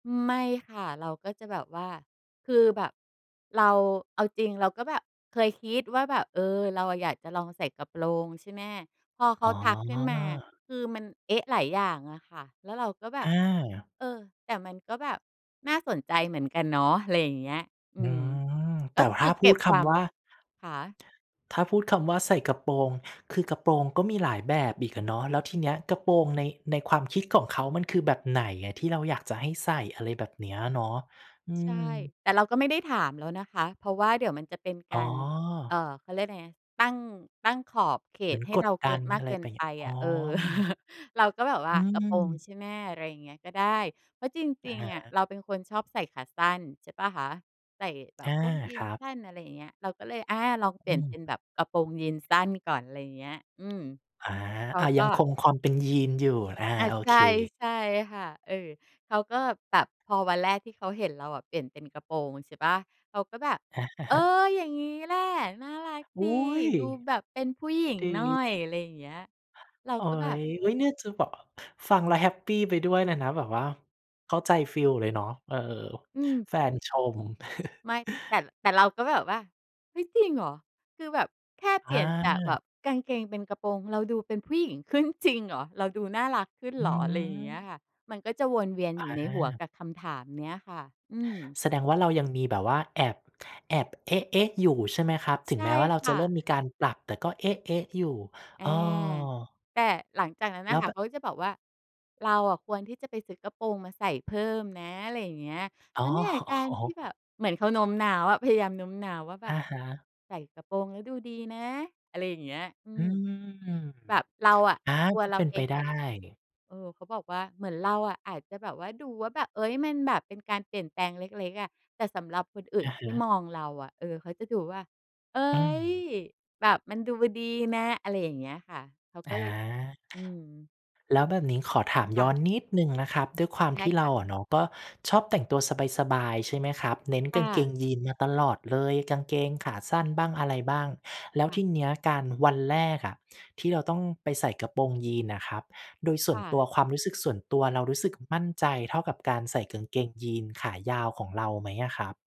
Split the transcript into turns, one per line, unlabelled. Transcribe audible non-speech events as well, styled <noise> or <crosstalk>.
ไม่ค่ะ เราก็จะแบบว่า คือแบบเรา เอาจริงเราก็แบบเคยคิดว่าแบบ เออ เราอยากจะลองใส่กระโปรงใช่ไหม พอเข
อ
า
๋
ทักขึ้นมา
อ
คือมัน เอ๊ะ หลายอย่างอะค่ะ แล้วเราก็แบบ
อา
"เออ แต่มันก็แบบน่าสนใจเหมือนกันเนาะ" ไรอย่างเงี้ย อื
อื
ม
ม
ก
แต่
็
ถ
คื
้า
อ
พ
เก็
ูด
บ
ค
ความ
ำว่า
คะ?
ถ้าพูดคำว่าใส่กระโปรง คือกระโปรงก็มีหลายแบบอีกอะเนาะ แล้วทีเนี้ยกระโปรงใน ในความคิดของเขามันคือแบบไหนอะที่เราอยากจะให้ใส่ อะไรแบบเนี้ยเนาะ อื
ใช่
ม
แต่เราก็ไม่ได้ถามแล้วนะคะ เพราะว่าเดี๋ยวมันจะเป็น
อ
ก
๋
าร เ
อ
อ่อ เขาเรียกไรนะ ตั้ง ตั้งขอบเข
เหมื
ต
อน
ให้
ก
เร
ด
าเ
ด
ก
ั
ิน
น
มาก
อะไ
เ
ร
กิ
ไ
น
ป เ
ไ
ง
ป
ี้ย อ๋
อ
อ
ะ เออ <chuckles> เราก็แบบว่
อื
า "กระโปรง
ม
ใช่ไหม?" ไรอย่างเงี้ย ก็ได้ เพราะจ
อ
ร
ะ
ิง
ฮ
ๆ อะ
ะ
เราเป็นคนชอบใส่ขาสั้นใช่เปล่าคะ ใส่แบ
อ
บ
า
พวกยี
ค
นส
รั
์
บ
สั้น อะไรอย่างเงี้ย เราก็เลย อา ลองเปล
อ
ี่
ื
ยน
ม
เป็นแบบกระโปรงยีนส์สั้นก่อน ไรเงี้ย อืม
อา
เขา
อะ
ก
ยั
็
งคงความเป็นยีนส์อยู่ อา
อา
โอ
ใช
เ
่
ค
ใช่ค่ะ เออ เขาก็แบบ พอวันแรกที่เขาเห็นเราอะเปลี่ยนเป็นกระโปรงใช่เปล่า เขาก็แบบ "เออ
<chuckles>
อย่างงี้แหละน่ารัก
อ
ดี
ุ้ย!
ดูแบบเป็นผู้หญิง
ด
หน่อ
ี
ย" อะไรอย่างเงี้ย เรา
โอ๊
ก็แบบ
ย อุ๊ย เนี่ยจะบอก ฟังแล้วแฮปปีไปด้วยเลยนะ แบบว่าเข้าใจฟีลเลยเนาะ เออ
อืม
แฟนชม
ไม่ แต่
<chuckles>
แต่เราก็แบบว่า "เฮ้ย! จริงเหรอ? คือแบบแค่เป
อ
ลี่ยนจากแบ
า
บกางเกง เป็นกระโปรง เราดูเป็นผู้หญิงขึ้นจริงเหรอ? เราดูน่ารักขึ้น
อ
เ
ื
หรอ?" ไรอย่างเงี้ย
ม
ค่ะ มันก็จะวนเวียน
อ
อยู่ในหัว
า
กับคำถามเนี้ยค่ะ อืม
แสดงว่าเรายังมีแบบว่าแอบ แอบ เอ๊ะ ๆ อยู่ใช่ไหมครับ ถ
ใ
ึ
ช
ง
่
แม้ว่าเรา
ค
จ
่
ะเริ่
ะ
มมีการปรับ แต่ก็ เอ๊ะ ๆ อยู่
อา
อ้อ
แต่หลังจากนั้นน
แล
่ะ
้ว
ค่
แ
ะ
บ
เ
บ
ขาก็จะบอกว่า "เราอะควรที่จะไปซื้อกระโปรงมาใส่เพิ่มนะ" ไรอย่างเงี้ย "เ
อ
พ
๋อ
ราะเนี่ย
โอ
ก
้
า
โ
ร
ฮ
ที่แบบ" เหมือนเขาโน้มน้าวอะ พยายามโน้มน้าวว่าแบ
อ
บ
ะฮะ
"ใส่กระโปรงแล้วดูดีนะ" อะไรอย่างเงี้ย อื
อื
ม
ม
แบบเราอะ
อา
ตัว
ก็
เร
เ
า
ป็น
เอ
ไป
ง
ได
อาจ
้
เออ เขาบอกว่าเหมือนเราอะอาจจะแบบว่าดูว่าแบบ เอ๊ย มันแบบเป็นการเปลี่ยนแปลงเล็ก ๆ อะ แต่สำหรับคนอื่
อ
น
ะฮ
ที่
ะ
มองเราอะ เออ เขาจะดูว่า "เอ๊
อื
ย
ม
แบบมันดูดีนะ" อะไรอย่างเงี้ยค่ะ เขา
อ
ก็
า
ย อืม
แล้วแบบนี้ขอถาม
ค
ย
่
้อ
ะ
นนิด หนึ่งนะครับ ด้วยความ
ใช่
ที่เ
ค
ร
่
า
ะ
อะเนาะก็ชอบแต่งตัวสบาย ๆ ใช่ไหมครับ เน้น
ค
ก
่
างเก
ะ
งยีนส์มาตลอดเลย กางเกงขาสั้นบ้าง อะไรบ้าง แล้
ค
ว
่
ท
ะ
ีเนี้ยการ วันแรกอะที่เราต้องไปใส่กระโปรงยีนส์น่ะครับ โดยส่
ค
วน
่
ตั
ะ
วความรู้สึกส่วนตัวเรา รู้สึกมั่นใจเท่ากับการใส่กางเกงยีนส์ขายาวของเราไหมอะครับ?